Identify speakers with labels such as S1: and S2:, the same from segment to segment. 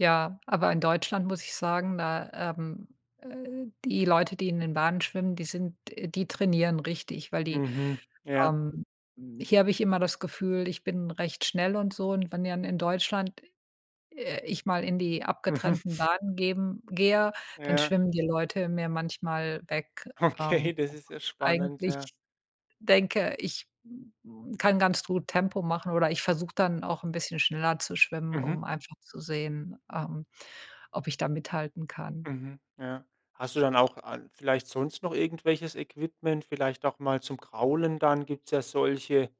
S1: Ja, aber in Deutschland muss ich sagen, da, ähm, äh, die Leute die in den Bahnen schwimmen, die sind äh, die trainieren richtig, weil die
S2: Mhm. Ja.
S1: ähm, hier habe ich immer das Gefühl ich bin recht schnell und so, und wenn dann in Deutschland d äh, ich mal in die
S2: Mhm.
S1: abgetrennten Bahnen geben gehe, dann
S2: Ja.
S1: schwimmen die Leute mir manchmal weg.
S2: Okay,
S1: Ähm,
S2: das ist ja spannend, ja.
S1: eigentlich denke ich kann ganz gut Tempo machen oder ich versuche dann auch 'n bisschen schneller zu schwimmen,
S2: Mhm.
S1: um einfach zu sehen, ähm, ob ich da mithalten kann.
S2: Mhm, ja. Hast du dann auch an vielleicht sonst noch irgendwelches Equipment? Vielleicht auch mal zum Kraulen dann gibt's ja solche,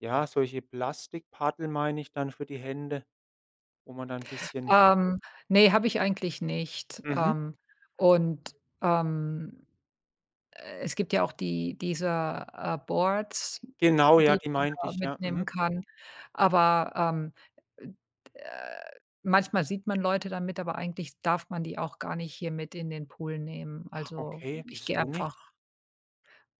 S2: ja, solche Plastikpaddel, meine ich dann für die Hände, wo man dann bisschen
S1: Ähm, ne, habe ich eigentlich nicht.
S2: Mhm.
S1: Ähm, und, ähm, äh, es gibt ja auch die dieser, äh, Boards,
S2: Genau, ja,
S1: die
S2: die
S1: man
S2: meinte
S1: da
S2: ich. Ja,
S1: mitnehmen
S2: mhm.
S1: kann, aber, ähm, äh manchmal sieht man Leute damit, aber eigentlich darf man die auch gar nicht hier mit in den Pool nehmen.
S2: Ah,
S1: Also
S2: okay,
S1: ich gehe
S2: wieso nicht?
S1: einfach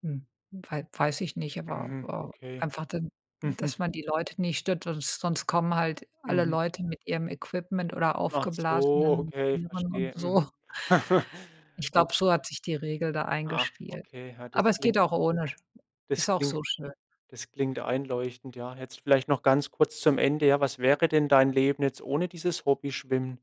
S1: m wei weiß ich nicht, aber
S2: Mhm, okay.
S1: einfach dann,
S2: Mhm.
S1: dass man die Leute nicht stört, sons sonst kommen halt alle
S2: Mhm.
S1: Leute mit ihrem Equipment oder
S2: Ach so,
S1: aufgeblasenen
S2: okay,
S1: Tieren und
S2: verstehe.
S1: so.
S2: Mhm.
S1: Ich glaube,
S2: Okay.
S1: so hat sich die Regel da
S2: Ah,
S1: eingespielt.
S2: okay. Ja, das
S1: Aber es
S2: kling
S1: geht auch ohne, ist
S2: das
S1: auch
S2: klingt
S1: so schön.
S2: das klingt einleuchtend, ja. Jetzt vielleicht noch ganz kurz zum Ende: Ja, was wäre denn dein Leben jetzt ohne dieses Hobby Schwimmen?